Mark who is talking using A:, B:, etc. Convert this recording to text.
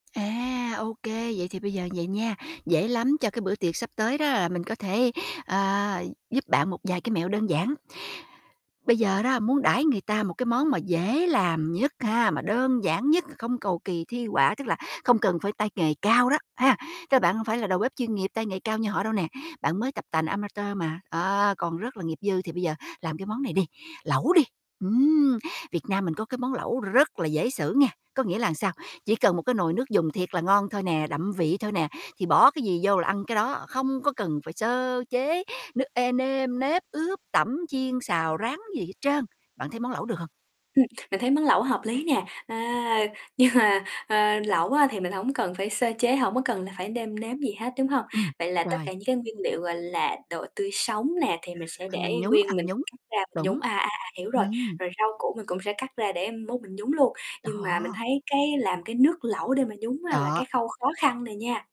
A: À, OK, vậy thì bây giờ như vầy nha, dễ lắm. Cho cái bữa tiệc sắp tới đó, là mình có thể, ờ, giúp bạn một vài cái mẹo đơn giản. Bây giờ đó, muốn đãi người ta một cái món mà dễ làm nhất ha, mà đơn giản nhất, không cầu kỳ thi họa, tức là không cần phải tay nghề cao đó, ha, tức là bạn hông phải là đầu bếp chuyên nghiệp, tay nghề cao như họ đâu nè, bạn mới tập tành amateur mà, đó, còn rất là nghiệp dư. Thì bây giờ làm cái món này đi, lẩu đi. Ừm, Việt Nam mình có cái món lẩu rất là dễ xử nghe, có nghĩa là sao, chỉ cần một cái nồi nước dùng thiệt là ngon thôi nè, đậm vị thôi nè, thì bỏ cái gì vô là ăn cái đó, không có cần phải sơ chế nước ê nêm nếp, ướp, tẩm, chiên, xào, rán gì hết trơn. Bạn thấy món lẩu được hông?
B: Ừm, mình thấy món lẩu hợp lý nè, à, nhưng mà, ờ, lẩu á thì mình hổng cần phải sơ chế, hổng có cần là phải nêm nếm gì hết, đúng hông?
A: Ừm,
B: Vậy là tất cả
A: rồi.
B: những cái nguyên liệu, gọi là, đồ tươi sống nè, thì mình sẽ để
A: Ăn nhúng,
B: nguyên,
A: ăn
B: mình
A: nhúng,
B: cắt ra mình
A: đúng.
B: nhúng, à, à, à hiểu rồi,
A: Ừm.
B: rồi rau củ mình cũng sẽ cắt ra để mốt mình nhúng luôn. Nhưng mà mình
A: Đó.
B: thấy cái làm cái nước lẩu để mà nhúng á, là
A: Đó.
B: cái khâu khó khăn nè nha.